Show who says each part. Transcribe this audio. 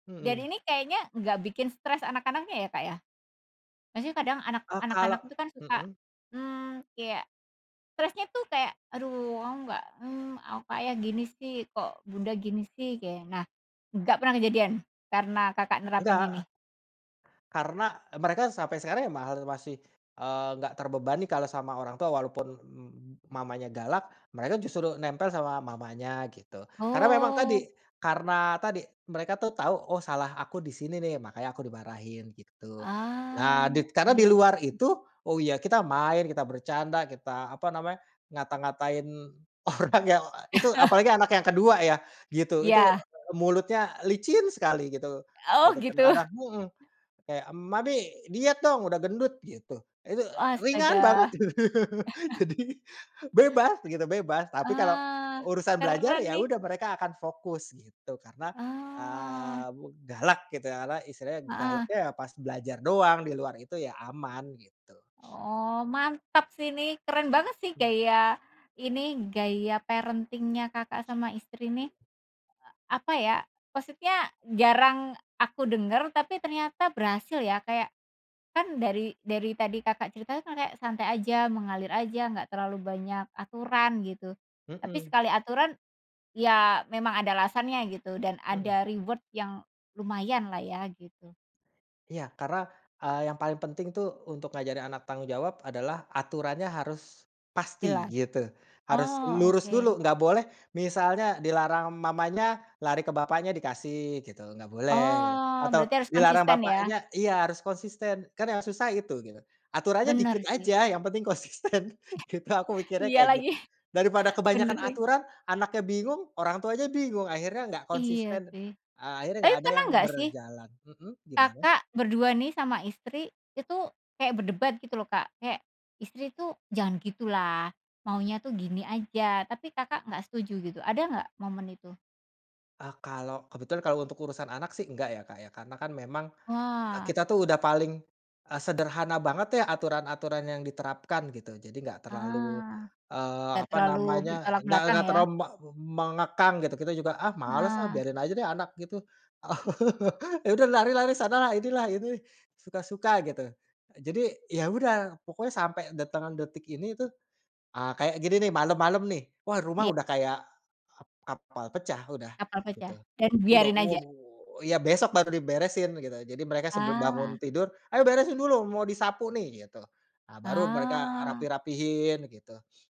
Speaker 1: Dan
Speaker 2: Mhm.
Speaker 1: ini kayaknya enggak bikin stres anak-anaknya ya, Kak, ya? Maksudnya kadang anak
Speaker 2: Eee, kalau
Speaker 1: anak-anak itu kan suka,
Speaker 2: mhm.
Speaker 1: mmm, kayak stresnya itu kayak, "Aduh, oh enggak, hmm, aku kayak gini sih? Kok Bunda gini sih," kayk nah, enggak pernah kejadian karena Kakak nerapin ini?
Speaker 2: Enggak. Karena mereka sampai sekarang, maher masih, eee, enggak terbebani kalau sama orang tua walaupun m m mamanya galak. Mereka justru nempel sama mamanya gitu. Karena memang
Speaker 1: Oh.
Speaker 2: tadi, karena tadi mereka tuh tahu, "Oh salah aku di sini nih, makanya aku dimarahin," gitu. Nah,
Speaker 1: Ah
Speaker 2: dit karena di
Speaker 1: iya.
Speaker 2: luar itu, oh ya kita main, kita bercanda, kita apa namanya, ngata-ngatain orang ya. Itu apalagi anak yang ke-2 ya. Gitu, itu,
Speaker 1: Iya.
Speaker 2: e mulutnya licin sekali, gitu,
Speaker 1: Oh
Speaker 2: gitu
Speaker 1: gitu.
Speaker 2: kadang-kadang heeh. Kayak, "Mami diet dong, udah gendut," gitu. Itu e
Speaker 1: Oh
Speaker 2: ringan banget.
Speaker 1: astaga.
Speaker 2: Jadi bebas begitu, bebas. Tapi kalau
Speaker 1: Ah
Speaker 2: urusan belajar
Speaker 1: keren
Speaker 2: ya
Speaker 1: nih.
Speaker 2: udah, mereka akan fokus gitu karena,
Speaker 1: Oh.
Speaker 2: eee, mu galak gitu ya, apa istilahnya
Speaker 1: Heeh.
Speaker 2: galaknya ya, pas belajar doang. Di luar itu ya aman gitu.
Speaker 1: Oh, mantap sih ini, keren banget sih gaya ini, gaya parenting-nya Kakak sama istri nih. E apa ya, maksudnya jarang aku dengar, tapi ternyata berhasil ya. Kayak kan dari dari tadi Kakak cerita itu kan kayak santai aja, mengalir aja, enggak terlalu banyak aturan gitu. Tapi
Speaker 2: Heeh.
Speaker 1: sekali aturan ya memang ada alasannya gitu dan
Speaker 2: Heeh.
Speaker 1: ada reward yang lumayan lah ya, gitu.
Speaker 2: Iya. Karena, eee, yang, paling penting tuh untuk ngajarin anak tanggung jawab adalah aturannya harus pasti
Speaker 1: Jelas.
Speaker 2: gitu. Harus
Speaker 1: Oh
Speaker 2: lurus
Speaker 1: oke.
Speaker 2: dulu. Enggak boleh misalnya dilarang mamanya, lari ke bapaknya dikasih gitu. Enggak boleh gitu.
Speaker 1: Oh
Speaker 2: Atau
Speaker 1: berarti harus
Speaker 2: dilarang
Speaker 1: konsisten ya?
Speaker 2: bapaknya iya, harus konsisten kan yang susah itu gitu. Aturannya
Speaker 1: Benar
Speaker 2: dikit
Speaker 1: sih.
Speaker 2: aja, yang penting konsisten gitu. Aku mikirnya
Speaker 1: Iya
Speaker 2: kayak
Speaker 1: lagi,
Speaker 2: gitu. Daripada
Speaker 1: benar
Speaker 2: kebanyakan
Speaker 1: lagi.
Speaker 2: aturan, anaknya bingung, orang tuanya bingung, akhirnya enggak
Speaker 1: Iya
Speaker 2: konsisten,
Speaker 1: sih,
Speaker 2: eee, akhirnya
Speaker 1: tapi
Speaker 2: enggak ada
Speaker 1: pernah
Speaker 2: yang
Speaker 1: enggak sih
Speaker 2: berjalan mhm, gimana?
Speaker 1: Kakak berdua nih sama istri, itu kayak berdebat gitu loh, Kak? Kayak istri tuh, "Jangan gitu lah, maunya tuh gini aja," tapi Kakak enggak setuju gitu. Ada enggak momen itu?
Speaker 2: Ah, kalau kebetulan untuk urusan anak sih enggak ya, Kak, ya. Karena kan memang, eee,
Speaker 1: Wah.
Speaker 2: kita tuh udah paling, eee, sederhana banget ya aturan-aturan yang diterapkan gitu. Jadi enggak terlalu,
Speaker 1: Ah,
Speaker 2: eee,
Speaker 1: tidak
Speaker 2: apa
Speaker 1: terlalu
Speaker 2: namanya,
Speaker 1: bertolak
Speaker 2: enggak
Speaker 1: belakang
Speaker 2: enggak
Speaker 1: ya.
Speaker 2: terlalu me mengekang gitu. Kita juga, "Ah males ah,
Speaker 1: Ah.
Speaker 2: biarin aja deh anak," gitu. Ya, udah lari-lari sana lah, inilah, ini suka-suka gitu. Jadi ya udah, pokoknya sampai datangan detik ini tuh, ah, kayak gini nih malem-malem nih, wah rumah
Speaker 1: Iya.
Speaker 2: udah kayak, ep kapal pecah udah
Speaker 1: Kapal pecah
Speaker 2: gitu.
Speaker 1: dan
Speaker 2: Udah
Speaker 1: biarin aja.
Speaker 2: waduh, ya besok baru diberesin gitu. Jadi mereka sebelum bangun
Speaker 1: Ah.
Speaker 2: tidur, "Ayo beresin dulu, mau disapu nih," gitu. Ah, baru mereka, eee,
Speaker 1: Ah.
Speaker 2: rapih-rapihin gitu